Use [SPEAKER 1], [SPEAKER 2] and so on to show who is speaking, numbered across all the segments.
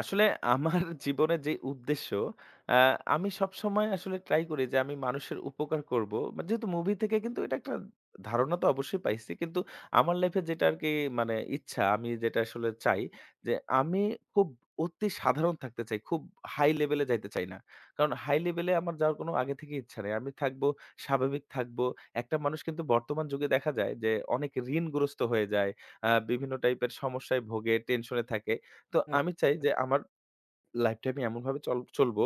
[SPEAKER 1] আসলে আমার জীবনের যে উদ্দেশ্য আ আমি সবসময় আসলে ট্রাই করি যে আমি মানুষের উপকার করব। মা যেহেতু মুভি থেকে কিন্তু এটা একটা ধারণা তো অবশ্যই পাইছি। কিন্তু আমার লাইফ এ যেটা আরকি মানে ইচ্ছা আমি যেটা আসলে চাই যে আমি খুব অতি সাধারণ থাকতে চাই, খুব হাই লেভেলে যাইতে চাই না। কারণ হাই লেভেলে আমার যাওয়ার কোনো আগে থেকেই ইচ্ছা নেই। আমি থাকব স্বাভাবিক থাকব। একটা মানুষ কিন্তু বর্তমান যুগে দেখা যায় যে অনেক ঋণগ্রস্থ হয়ে যায়। আ বিভিন্ন টাইপের সমস্যায় ভোগে, টেনশনে থাকে। তো আমি চাই
[SPEAKER 2] আচ্ছা।
[SPEAKER 1] যে আমার লাইফটা আমি এমনভাবে চাল চলব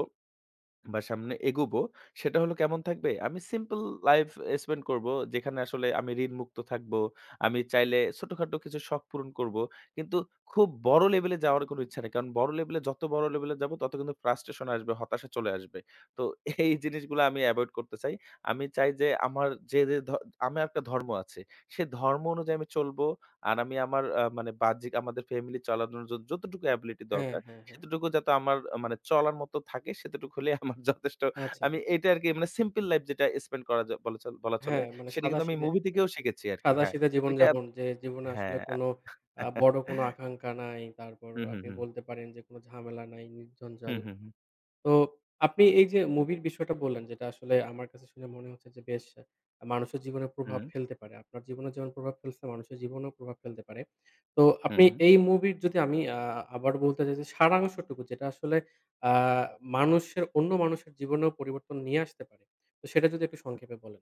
[SPEAKER 1] বা, সামনে এগোবো। সেটা হলো কেমন থাকবে? আমি সিম্পল লাইফ এ স্পেন্ড করব। যেখানে আসলে আমি ঋণমুক্ত থাকবো। আমি চাইলে ছোটখাটো কিছু শখ পূরণ করব। কিন্তু খুব বড় লেভেলে যাওয়ার কোন ইচ্ছা নেই। কারণ বড় লেভেলে যত বড় লেভেলে যাব তত কিন্তু frustration আসবে, হতাশা চলে আসবে। তো এই জিনিসগুলা আমি এভয়েড করতে চাই। আমি চাই যে আমার যে, যে ধ আমার একটা ধর্ম আছে সে ধর্ম অনুযায়ী আমি চলবো। আর আমি আমার আ মানে বাহ্যিক আমাদের ফ্যামিলি চলার জন্য যদ যতটুকু অ্যাবিলিটি
[SPEAKER 2] হ্যাঁ,
[SPEAKER 1] দরকার
[SPEAKER 2] হ্যাঁ, হ্যাঁ।
[SPEAKER 1] সেইটুকু যাতে আমার মানে চলার মত থাকে সেইটুকু হলেই আমার যথেষ্ট
[SPEAKER 2] আচ্ছা।
[SPEAKER 1] আমি
[SPEAKER 2] হু।
[SPEAKER 1] এটা আরকি মানে সিম্পল লাইফ যেটা স্পেন্ড করা য বলা চলে বলা চলে
[SPEAKER 2] হ্যাঁ মানে
[SPEAKER 1] সেটা কিন্তু আমি
[SPEAKER 2] সাদা-সিধে
[SPEAKER 1] মুভি থেকেও শিখেছি আরকি হ্যাঁ
[SPEAKER 2] সাদা-সিধে
[SPEAKER 1] ওইটা
[SPEAKER 2] জীবনযাপন যে জীবনে আসলে
[SPEAKER 1] হ্যাঁ।
[SPEAKER 2] কোন আ বড় কোন আকাঙ্ক্ষা নাই। তারপর
[SPEAKER 1] হুম, হুম,
[SPEAKER 2] আপনি
[SPEAKER 1] হুম।
[SPEAKER 2] বলতে পারেন যে কোন ঝামেলা নাই নির্ঝঞ্জাল।
[SPEAKER 1] হুম, হুম, হুম।
[SPEAKER 2] তো আপনি এই যে মুভির বিষয়টা বললেন যেটা আসলে আমার কাছে শুনে মনে হচ্ছে যে বেশ মানুষের জীবনে প্রভাব
[SPEAKER 1] হুম।
[SPEAKER 2] ফেলতে পারে। আপনার জীবনে যেমন প্রভাব ফেলছে মানুষের জীবনেও প্রভাব ফেলতে পারে। তো
[SPEAKER 1] হুম,
[SPEAKER 2] আপনি
[SPEAKER 1] হুম।
[SPEAKER 2] এই মুভির যদি আমি আ আবার বলতে চাই যে সারাংশটুকু যেটা আসলে আ মানুষের অন্য মানুষের জীবনেও পরিবর্তন নিয়ে আসতে পারে তো সেটা যদি একটু সংক্ষেপে বলেন।